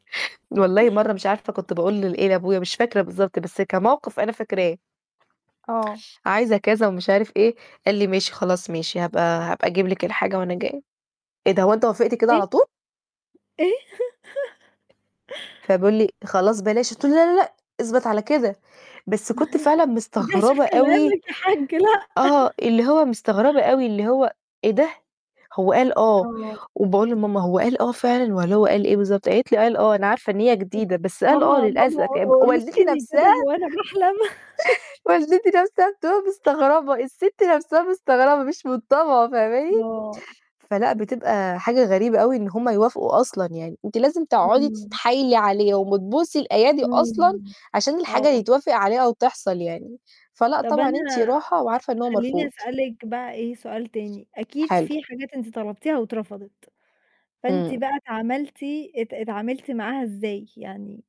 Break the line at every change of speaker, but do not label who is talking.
والله مرة مش عارفة كنت باقول لل إيه، لأبويا، مش فاكرة بالضبط بس كموقف أنا فاكراه.
آه.
عايزة كذا ومش عارف إيه، قال لي: "ماشي، خلاص ماشي، هابقى هابقى أجيب لِك الحاجة وأنا جاي." "إيه ده، هو أنت وافقت كده
إيه؟
على طول؟"
إيه؟
فبيقول لي: "خلاص بلاش." قلت له: "لأ لأ، اثبت على كده." بس كنت
ما
فعلًا
ترجعش في
مستغربة أوي.
كلامك يا حج، لأ.
آه، اللي هو مستغربة أوي، اللي هو: "إيه ده؟" هو قال: "آه"،
آه.
وباقول لماما: "هو قال آه فعلًا والّا هو قال إيه بالضبط؟" قالت لي: "قال آه. أنا عارفة إن هي جديدة، بس قال: 'آه'
ماما، ماما
للأسف." ي والدتي
أقرصيني كده
نَفْسها
هو أنا باحلم.
والدتي نَفْسها بتبقى مستغربة، الست نَفْسها مستغربة، مش من طابعه، فاهماني؟
آه.
فلأ، بتبقى حاجة غريبة أوي إن هُم يوافقوا أصلًا يعني. أنتِ لازم تقعدي
إمم.
تتحايلي عليهم وتبوسي الأيادي أصلًا
إمم،
عشان الحاجة
آه.
يتوافق عليها أو تحصل يعني. فلأ
طَب
طبعًا، أنتِ
أنا
راحة وعارفة إنه هو
خليني
مرفوض.
أسألِك بقى إيه سؤال تاني، أكيد
حلو.
في حاجات أنتِ طلبتيها واترفضت، فأنتِ
امم.
بقى اتعملتِ اتعاملتِ معاها إزاي يعني؟